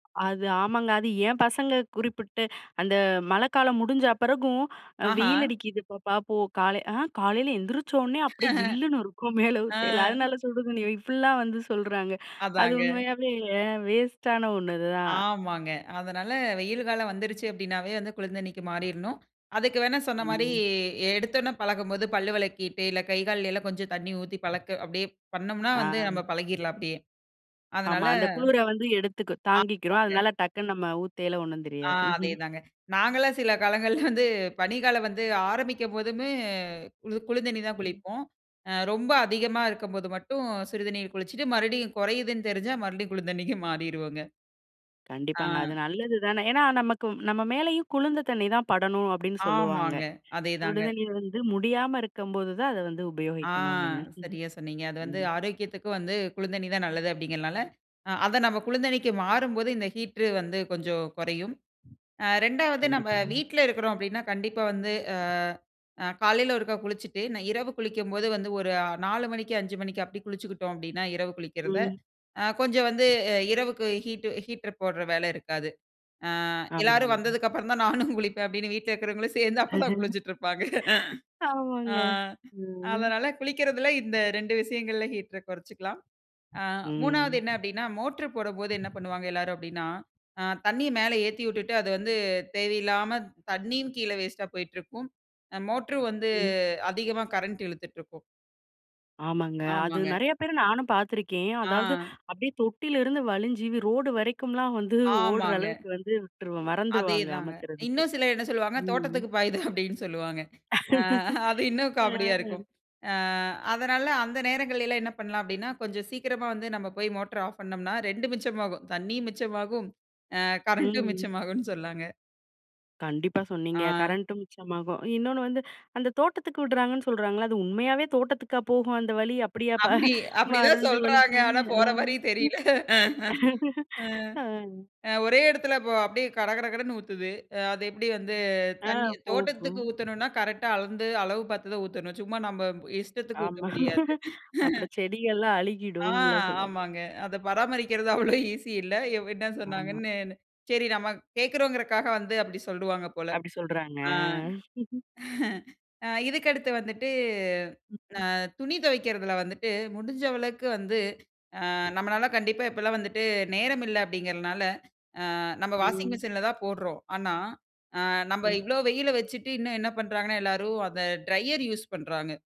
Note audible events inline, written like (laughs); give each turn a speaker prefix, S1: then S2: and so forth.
S1: அது, ஆமாங்க. அது ஏம்பசங்க குறிப்பிட்டு. அந்த, மழக்காலம் முடிஞ்ச பெறகும்.
S2: ஆஹா.
S1: வெயில் அடிக்கிது பாப்பா போ கால. ஆ! காலையில எந்திரிச்சோனே, அப்டியே
S2: (chuckles)
S1: ஜில்லுனு இருக்கும். மேல
S2: ஆ.
S1: ஊத்தைல. அதனால சுடுதண்ணி, இப்டிலா வந்து சொல்றாங்க. அது
S2: அதாங்க.
S1: உண்மையாவே வேஸ்ட்டான ஒண்ணு இதுதான்.
S2: ஆமாங்க. அதனால, வெயில் காலம் வந்திருச்சு அப்டினாவே வந்து, குளிந்தண்ணிக்கு மாறிறணும். அதக்கு வேணா, சொன்ன மாரி,
S1: ம்.
S2: எ எடுத்தொனே பழகும்போது, பல்லு வெலக்கிட்டு. இல்ல கை கால்கள்ல, கொஞ்சொம் தண்ணீ ஊத்தி பழக்க அப்டியே. பண்னோம்னா
S1: ஆ.
S2: வந்து, நம்ம பழகீர்லாம் அப்டியே. அதனால
S1: ஆமா. அந்த குளிர வந்து, எடுத்துக்கு தாங்கிக்கிறோம்.
S2: ஆமாங்க.
S1: அதனால, டக்குனு நம்ம ஊத்தேல ஒண்ணும்
S2: ஆ
S1: தெரியாது. (chuckles)
S2: அதேதாங்க. நாங்கலாம் சில காலங்கள்ல வந்து, (chuckles) பனிகாலம் வந்து, ஆரம்பிக்கும்போதுமே, கு குளிந்தண்ணீலதான்
S1: ம்.
S2: குளிப்போம். ஆ ரொம்ப அதிகமா இருக்கும்போது மட்டும் சுடு தண்ணீர்ல குளிச்சிட்டு, மறுபடியும் கொறையுதுன்னு தெரிஞ்சா, மறுபடியும் (chuckles) குளிந்தண்ணிக்கு மாறிருவோங்க. ஆ.
S1: கண்டிப்பாங்க.
S2: ஆ.
S1: அது நல்லது தானே. ஏன்னா நமக்கு நம்ம மேலேயும் குளுந்த தண்ணி தான் படணும், அப்டின்னு சொல்லுவாங்க.
S2: ஆமாங்க. அதே தாங்க.
S1: சுடுதண்ணீர் வந்து முடியாம இருக்கும்போது தான், அத வந்து,
S2: ஆ,
S1: உபயோகிக்கணும் அப்டின்னு (chuckles)
S2: சரியா சொன்னீங்க. அது வந்து,
S1: ம்.
S2: ஆரோக்கியத்துக்கு வந்து, குளுந்தண்ணி தான் நல்லது அப்டிங்கிறதுனால, அ அத நம்ம, குளுந்தண்ணிக்கு மாறும்போது, இந்த ஹீட்ரு வந்து, கொஞ்சோம் கொறையும். ஆ, 2வது நம்ம
S1: கண்டிப்பாங்க.
S2: வீட்ல இருக்கிறோம் அப்டின்னா, கண்டிப்பா வந்து. ஆ காலையில ஒருக்கா குளிச்சிட்டு, நை இரவு குளிக்கும்போது வந்து, ஒரு அ 4 மணிக்கு 5 மணிக்கு, அப்டி குளிச்சுக்குட்டோம் அப்டின்னா, இரவு குளிக்கிறத.
S1: ம்.
S2: ஆ, கொஞ்சோம் வந்து, அ இரவுக்கு ஹீட்ட் ஹீட்டர் போட்ற வேல இருக்காது. ஆ எல்லாரும்
S1: ஆமாங்கங்க.
S2: வந்ததுக்கு அப்புறம் தான், (chuckles) நானும் குளிப்பேன். அப்டின்னு வீட்ல இருக்கிறவங்களும் சேந்து, அப்பதான்
S1: (laughs)
S2: குளிஞ்சிட்டு இருப்பாங்க.
S1: ஆமாங்க.
S2: ஆ.
S1: ம்.
S2: அதனால, குளிக்கிறதில, இந்த 2 விஷயங்கள்ல, ஹீட்டர கொறைச்சுக்கலாம். ஆ 3வது என்ன
S1: ம்.
S2: அப்டின்னா, மோட்ரு போடும்போது என்ன பண்ணுவாங்க எல்லாரும் அப்டின்னா? ஆ, தண்ணிய மேல ஏத்திவுட்டுட்டு, அது வந்து தேவையில்லாம, தண்ணியும் கீழ வேஸ்ட்டா போயிட்டுருக்கும். ம், மோட்ரு வந்து
S1: ம்.
S2: அதிகமா கரண்ட் இழுத்துட்ருக்கும்.
S1: ஆமாங்க. அது
S2: ஆமாங்க.
S1: நெறையா பேர நானும் பார்த்துருக்கேன். அதாவது,
S2: ஆ.
S1: அப்டியே தொட்டிலருந்து வழிஞ்சி, ரோடு வரைக்கும்லாம் வந்து ஓடுற
S2: ஆமாங்க.
S1: அளவுக்கு வந்து, விட்டுருவோம்.
S2: அதே
S1: மறந்திருவாங்க,
S2: தாங்க.
S1: அமத்துறதுக்கு.
S2: இன்னும் சிலர் என்ன சொல்வாங்க,
S1: ம் ம்.
S2: தோட்டத்துக்கு பாயுது அப்டினு சொல்வாங்க. ஆ அது
S1: (laughs)
S2: இன்னும் காமெடியா
S1: ம்.
S2: இருக்கும். ஆ அதனால, அந்த நேரங்களில எல்லாம் என்ன பண்ணலாம் அப்டின்னா, கொஞ்சம் சீக்கிரமா வந்து நம்ம போய் மோட்ர ஆஃப் பண்னோம்னா, 2ம் மிச்சமாகும். தண்ணியும் மிச்சமாகும். ஆ, கரண்ட்டும்
S1: ம்.
S2: மிச்சமாகும்னு சொல்லலாங்க.
S1: கண்டிப்பா சொன்னீங்க.
S2: ஆ.
S1: கரண்ட்டும் மிச்சமாகும். இன்னோனு வந்து, அந்த தோட்டத்துக்கு விட்றாங்கன்னு சொல்கிறாங்கல்ல, அது உண்மையாவே! தோட்டத்துக்கா போகும் அந்த வழி, அப்டியே அப்ப (chuckles)
S2: அப்டி, அப்டிதான்
S1: நெறஞ்சு
S2: சொல்றாங்க.
S1: வழுஞ்சவொன்னே.
S2: ஆனா போற
S1: அ.
S2: மாரி
S1: (chuckles)
S2: தெரியல.
S1: (laughs)
S2: ஆ,
S1: ஆ.
S2: அ ஒரே எடத்துல அப்போ, அப்டியே கடகடகடன்னு ஊத்துது. அது எப்டி வந்து,
S1: ஆ,
S2: தண்ணி
S1: போகும்.
S2: தோட்டத்துக்கு ஊத்தணுனா, கரெக்ட்டா அளந்து, அளவு பார்த்ததுதான் ஊத்தனும். சும்மா நம்ம, இஷ்டத்துக்கு ஊத்த
S1: ஆமா.
S2: முடியாது.
S1: (laughs) அப்புறம், செடிகள்லாம்
S2: (chuckles) ஆ
S1: அழுகிடும்னுல சொல்லுவாங்க.
S2: ஆமாங்க. அத பராமரிக்கிறது அவ்ளோ ஈசி இல்ல. இவ் என்ன
S1: ஆமா.
S2: சொன்னாங்கன்னு. சரி நாம, கேட்கிறோங்றதுக்காக வந்து, அப்டி சொல்வாங்க போல.
S1: அப்டி சொல்றாங்க.
S2: ஆ.
S1: ஆ. (chuckles)
S2: (chuckles) ஆ, இதுக்கு அடுத்து வந்துட்டு
S1: ம், ம்.
S2: ஆ, துணி தொவைக்கிறதுல வந்துட்டு, முடிஞ்ச அளவுக்கு வந்து, ஆ, நம்மளால கண்டிப்பா, எப்பல்லாம் வந்துட்டு, நேரம் இல்ல அப்டிங்கறதுனால. ஆ, நம்ம வாஷிங்
S1: ம்.
S2: மிஷிசின்லதான் போடுறோம். ஆனா, ஆ, நம்ம
S1: ம்.
S2: இவ்ளோ வெயில வச்சுட்டு, இன்னும் என்ன பண்றாங்கன்னு, எல்லோரும் அந்த ட்ரையர் யூஸ் பண்றாங்க.